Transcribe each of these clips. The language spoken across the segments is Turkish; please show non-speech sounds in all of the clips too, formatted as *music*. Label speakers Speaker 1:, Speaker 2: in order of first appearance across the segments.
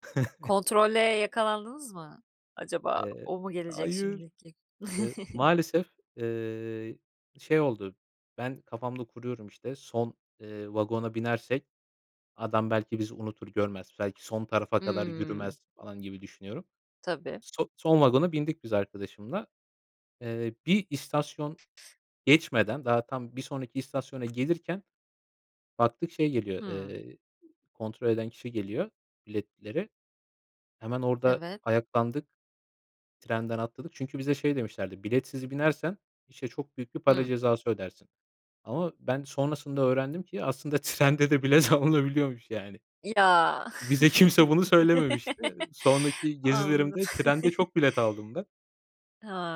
Speaker 1: *chuckles*
Speaker 2: Kontrole yakalandınız mı? Acaba,
Speaker 1: Eee.
Speaker 2: o mu gelecek
Speaker 1: Hayır!
Speaker 2: şimdi ki?
Speaker 1: Eee,
Speaker 2: *chuckles*
Speaker 1: maalesef, eee, şey oldu; ben kafamda kuruyorum işte, son, eee, vagona binersek, adam belki bizi unutur görmez, belki son tarafa kadar
Speaker 2: Hımm.
Speaker 1: yürümez, falan gibi düşünüyorum.
Speaker 2: Tabii.
Speaker 1: So son vagona bindik biz arkadaşımla. Eee, bir istasyon geçmeden daha tam, bir sonraki istasyona gelirken, baktık şey, eee, geliyor,
Speaker 2: Hımm.
Speaker 1: eee, kontrol eden kişi geliyor biletleri. Hemen orada
Speaker 2: Evet.
Speaker 1: ayaklandık, trenden atladık. Çünkü bize şey demişlerdi: "Biletsiz binersen, işte çok büyük bir para
Speaker 2: Hımm.
Speaker 1: cezası ödersin." Ama ben sonrasında öğrendim ki, aslında trende de bilet alınabiliyormuş, yani.
Speaker 2: Ya.
Speaker 1: Bize kimse bunu söylememişti.
Speaker 2: *laughs*
Speaker 1: Sonraki
Speaker 2: Anladım
Speaker 1: gezilerimde trende çok bilet aldım ben.
Speaker 2: *laughs*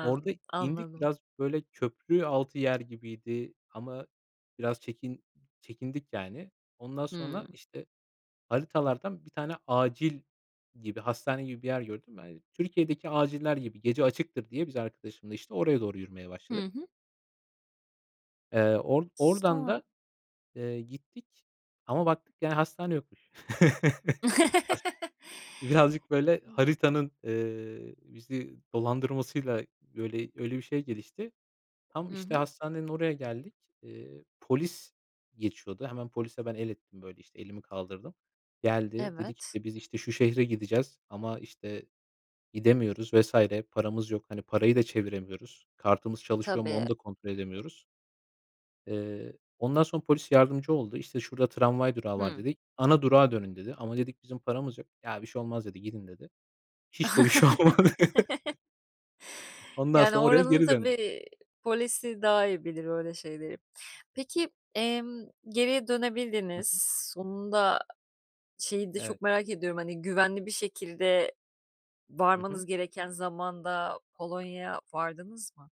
Speaker 1: Orada indik.
Speaker 2: anladım.
Speaker 1: Biraz böyle köprü altı yer gibiydi ama biraz çekin çekindik, yani. Ondan
Speaker 2: Hıı.
Speaker 1: sonra, işte haritalardan bir tane acil gibi, hastane gibi, bir yer gördüm ben. Türkiye'deki aciller gibi; gece açıktır diye, biz arkadaşımla işte oraya doğru yürümeye
Speaker 2: Hı
Speaker 1: başladık.
Speaker 2: hı.
Speaker 1: Eee, or
Speaker 2: S
Speaker 1: oradan da,
Speaker 2: sonra?
Speaker 1: eee, gittik ama baktık, yani hastane yokmuş. *chuckles* Has
Speaker 2: *laughs*
Speaker 1: Birazcık böyle
Speaker 2: Hı.
Speaker 1: haritanın, eee, bizi dolandırmasıyla, böyle öyle bir şey gelişti. Tam
Speaker 2: Hı
Speaker 1: işte
Speaker 2: hı.
Speaker 1: hastanenin oraya geldik. Eee, polis geçiyordu. Hemen polise ben el ettim, böyle işte, elimi kaldırdım. Geldi, dedik;
Speaker 2: Evet.
Speaker 1: işte, biz işte şu şehre gideceğiz ama işte gidemiyoruz vs. paramız yok, hani parayı da çeviremiyoruz. Kartımız çalışıyor mu,
Speaker 2: Tabii.
Speaker 1: onu da kontrol
Speaker 2: A
Speaker 1: edemiyoruz. Eee, ondan sonra polis yardımcı oldu. İşte, "Şurada tramvay durağı var."
Speaker 2: Hıı.
Speaker 1: dedi. "Ana durağa dönün." dedi. Ama dedik, bizim paramız yok. Ya, bir şey olmaz dedi, gidin dedi. Hiç de bir şey olmadı. *chuckles*
Speaker 2: *chuckles*
Speaker 1: Ondan
Speaker 2: Yani
Speaker 1: sonra, oraya
Speaker 2: oranın
Speaker 1: geri
Speaker 2: tabii,
Speaker 1: döndük.
Speaker 2: eee, polisi daha iyi bilir öyle şeyleri. Peki, emm, geriye
Speaker 1: Hı
Speaker 2: dönebildiniz.
Speaker 1: hı.
Speaker 2: Sonunda; şeyi de
Speaker 1: Evet.
Speaker 2: çok merak ediyorum, hani, güvenli bir şekilde
Speaker 1: Hı hı.
Speaker 2: varmanız gereken zamanda, Polonya'ya vardınız mı?